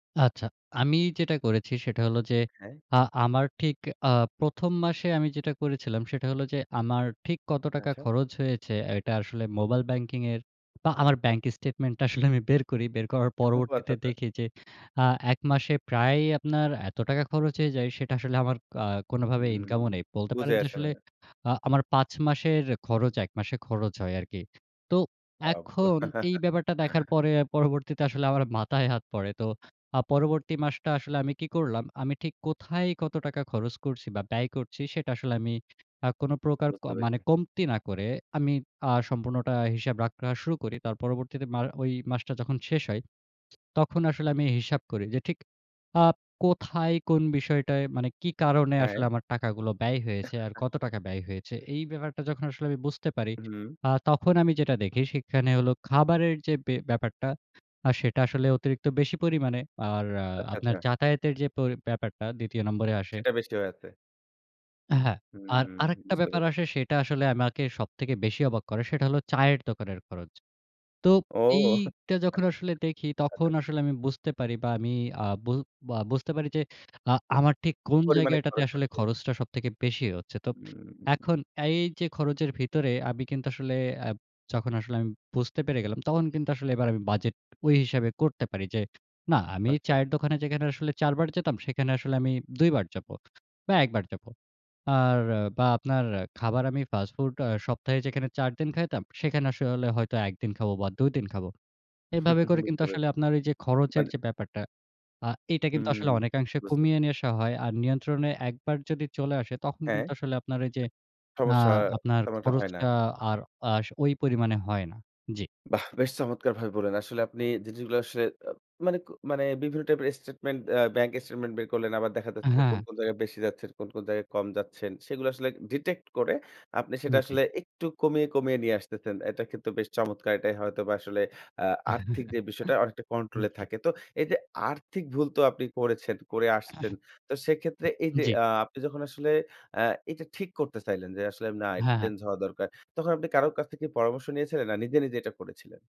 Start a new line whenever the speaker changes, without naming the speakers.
আচ্ছা, আমি যেটা করেছি সেটা হলো যে
হ্যাঁ।
আ আমার ঠিক আ ১ম মাসে আমি যেটা করেছিলাম সেটা হলো যে আমার ঠিক কত টাকা
আচ্ছা।
খরচ হয়েছে এটা আসলে মোবাইল ব্যাংকিং এর বা আমার ব্যাংক স্টেটমেন্টটা আসলে আমি বের করি। বের করার
ঠো আচ্ছা,
পরবর্তীতে
আচ্ছা।
দেখি যে আ ১ মাসে প্রায় আপনার এত টাকা খরচ হয়ে যায় সেটা আসলে আমার কা কোন ভাবে
উম
ইনকামও নেই। বলতে
বুঝে
পারেন যে
আসে না।
আসলে আ আমার ৫ মাসের খরচ ১ মাসের খরচ হয় আরকি। তো
আব্বা।
এখন এই ব্যাপারটা দেখার পরে পরবর্তীতে আসলে আমার মাথায় হাত পড়ে। তো আ পরবর্তী মাসটা আসলে আমি কি করলাম, আমি ঠিক কোথায় কত টাকা খরচ করছি বা ব্যয় করছি সেটা আসলে আমি আ কোন প্রকার ক
বুঝতে
মানে
পেরেছি।
কমতি না করে আমি আ সম্পূর্ণটা হিসাব রাখা শুরু করি। তার পরবর্তীতে মা ওই মাসটা যখন শেষ হয়। তখন আসলে আমি হিসাব করি যে ঠিক আপ কোথায় কোন বিষয়টায় মানে কী কারণে
হ্যাঁ।
আসলে আমার টাকাগুলো ব্যয় হয়েছে আর কত টাকা ব্যয় হয়েছে। এই ব্যাপারটা যখন আসলে আমি বুঝতে পারি,
হুম।
আ তখন আমি যেটা দেখি সেখানে হলো খাবারের যে ব্যা ব্যাপারটা আ সেটা আসলে অতিরিক্ত বেশি পরিমাণে। আর আ
আচ্ছা,
আপনার
আচ্ছা।
যাতায়াতের যে প ব্যাপারটা ২য় নম্বরে আসে।
সেটা বেশি অয়া আছে।
হ্যাঁ।
হুম,
আর
হুম।
আরেকটা
বুঝতে
ব্যাপার
পেরছি।
আসে সেটা আসলে আমাকে সবথেকে বেশি অবাক করে। সেটা হলো চায়ের দোকানের খরচ। তো
ও। আচ্ছা,
এইটা যখন আসলে দেখি তখন
আচ্ছা।
আসলে আমি বুঝতে পারি বা আমি আ বু বা বুঝতে পারি যে আ আমার ঠিক কোন
পরিমাণে
জায়গাটাতে
খরচ
আসলে
হচ্ছে।
খরচটা সবথেকে বেশি হচ্ছে। তো
হুম।
এখন এই যে খরচের ভিতরে আমি কিন্তু আসলে অ্যাব যখন আসলে আমি বুঝতে পেরে গেলাম তখন কিন্তু আসলে এবার আমি বাজেট ঐ হিসাবে করতে পারি যে না আমি
আচ্ছা।
চায়ের দোকানে যেখানে আসলে ৪ বার যেতাম সেখানে আসলে আমি ২ বার যাবো বা ১ বার যাবো। আর আ বা আপনার খাবার আমি ফাস্ট ফুড আ সপ্তাহে যেখানে ৪ দিন খাইতাম, সেখানে আসলে হয়তো ১ দিন খাবো বা ২ দিন খাবো। এভাবে করে কিন্তু
বুঝতে
আসলে
পেরে
আপনার এই যে খরচের
মানে
যে ব্যাপারটা আ এটা কিন্তু আসলে
হুম,
অনেকাংশে
বুঝতে পেরে
কমিয়ে নিয়ে আসা হয়। আর নিয়ন্ত্রণে ১ বার যদি চলে আসে তখন
হ্যাঁ।
কিন্তু আসলে আপনার এই যে আ
সমস্যা
আপনার
তেমন একটা
খরচ
হয় না।
আ আর খরচ আ আর ওই পরিমানে হয় না। জি।
বাহ! বেশ চমৎকার ভাবে বললেন। আসলে আপনি জিনিসগুলা আসলে অ্যা মানে, ক মানে বিভিন্ন টাইপের স্টেটমেন্ট অ্যা ব্যাংক স্টেটমেন্ট বের করলেন। আবার দেখা যাচ্ছে যে কোন,
হ্যাঁ।
কোন জায়গায় বেশি যাচ্ছেন, কোন, কোন জায়গায় কম যাচ্ছেন সেগুলো আসলে ডিটেক্ট করে আপনি সেটা
জি।
আসলে একটু কমিয়ে, কমিয়ে নিয়ে আসতেছেন। এটা কিন্তু বেশ চমৎকার এটাই হয়তবা আসলে আ আর্থিক যে বিষয়টা অনেকটা কন্ট্রোল
হুম,
এ
জি।
থাকে। তো এই যে আর্থিক ভুল তো আপনি করেছেন করে আসছেন। তো সেক্ষেত্রে এই যে
জি।
আ আপনি যখন আসলে আ এটা ঠিক করতে চাইলেন যে আসলে না এটা
হ্যাঁ, হ্যাঁ।
চেঞ্জ হওয়া দরকার। তখন আপনি কারো কাছ থেকে পরামর্শ নিয়েছিলেন? না নিজে, নিজে এটা করেছিলেন?